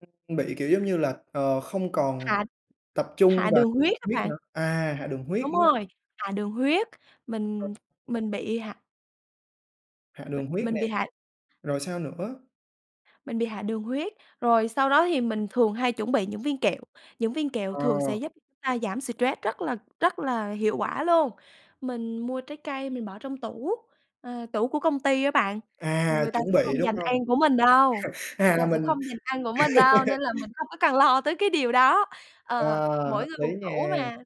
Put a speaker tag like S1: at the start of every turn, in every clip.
S1: Ừm, bị kiểu giống như là, ờ, không còn
S2: Hạ
S1: tập trung
S2: hạ
S1: vào
S2: đường huyết
S1: đường
S2: á
S1: huyết
S2: bạn.
S1: nữa à, hạ đường huyết,
S2: Đúng
S1: đúng hông?
S2: rồi, hạ đường huyết,
S1: Ừ.
S2: mình mình bị hạ
S1: Hạ
S2: Mình
S1: đường huyết
S2: mình bị
S1: nè,
S2: hạ
S1: rồi sao nữa?
S2: Mình bị hạ đường huyết. Rồi sau đó thì mình thường hay chuẩn bị những viên kẹo, những viên kẹo
S1: Ờ.
S2: thường sẽ giúp chúng ta giảm stress rất là rất là hiệu quả luôn. Mình mua trái cây mình bỏ trong tủ ờ, tủ của công ty á bạn.
S1: À,
S2: Người ta
S1: chuẩn
S2: sẽ
S1: bị,
S2: không
S1: đúng
S2: giành
S1: hông?
S2: ăn của mình đâu, người
S1: À,
S2: ta
S1: là
S2: sẽ
S1: mình
S2: không giành ăn của mình đâu, nên là mình không có cần lo tới cái điều đó. Ờ,
S1: Ờ,
S2: mỗi
S1: hợp
S2: người một
S1: lý
S2: tủ
S1: nha.
S2: mà,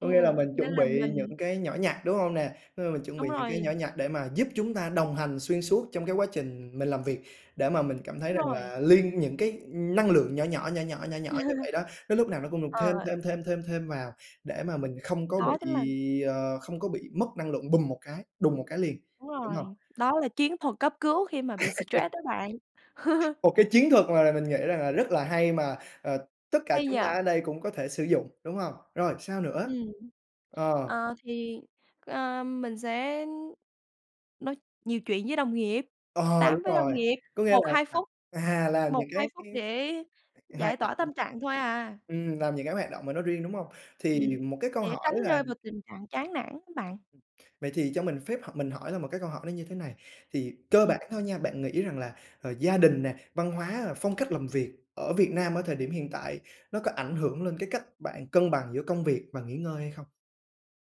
S1: Có nghĩa là mình
S2: nên
S1: chuẩn
S2: là
S1: bị
S2: mình
S1: những cái nhỏ nhặt, đúng hông nè? Ơ, mình chuẩn
S2: Đúng
S1: bị những cái nhỏ
S2: rồi.
S1: nhặt để mà giúp chúng ta đồng hành xuyên suốt trong cái quá trình mình làm việc, để mà mình cảm thấy rằng
S2: Rồi.
S1: là liên những cái năng lượng nhỏ nhỏ, nhỏ nhỏ, nhỏ nhỏ như vậy đó, nó lúc nào nó cũng được thêm,
S2: Ờ.
S1: thêm, thêm, thêm, thêm vào để mà mình không có
S2: Đó chính
S1: bị,
S2: là
S1: ờ, không có bị mất năng lượng bùm một cái đùng một cái liền,
S2: Đúng
S1: đúng hông?
S2: rồi, đó là chiến thuật cấp cứu khi mà bị stress đó bạn.
S1: Một cái chiến thuật mà là mình nghĩ rằng là rất là hay mà, ờ, tất cả
S2: Hay
S1: chúng
S2: nhỉ!
S1: ta ở đây cũng có thể sử dụng, đúng hông? Rồi sao nữa?
S2: Ừm,
S1: Ờ.
S2: ờ, thì, ờ, mình sẽ nói nhiều chuyện với đồng nghiệp,
S1: Ờ,
S2: tám
S1: đúng
S2: với đồng
S1: rồi,
S2: nghiệp,
S1: có nghĩa
S2: một
S1: là,
S2: hai
S1: à,
S2: phút,
S1: à, làm
S2: một
S1: những
S2: hai
S1: cái
S2: phút để
S1: hoạt
S2: giải
S1: động
S2: tỏa tâm trạng thôi à.
S1: ừm, làm những cái hoạt động mà nó riêng, đúng hông? Thì
S2: Ừm,
S1: một cái câu
S2: để
S1: hỏi
S2: tránh
S1: là
S2: rơi vào tình trạng chán nản á bạn.
S1: Ừm, vậy thì cho mình phép h mình hỏi là một cái câu hỏi như thế này. Thì cơ
S2: Ừm.
S1: bản thôi nha, bạn nghĩ rằng là, ờ, gia đình nè, văn hóa, à, phong cách làm việc ở Việt Nam ở thời điểm hiện tại nó có ảnh hưởng lên cái cách bạn cân bằng giữa công việc và nghỉ ngơi hay không?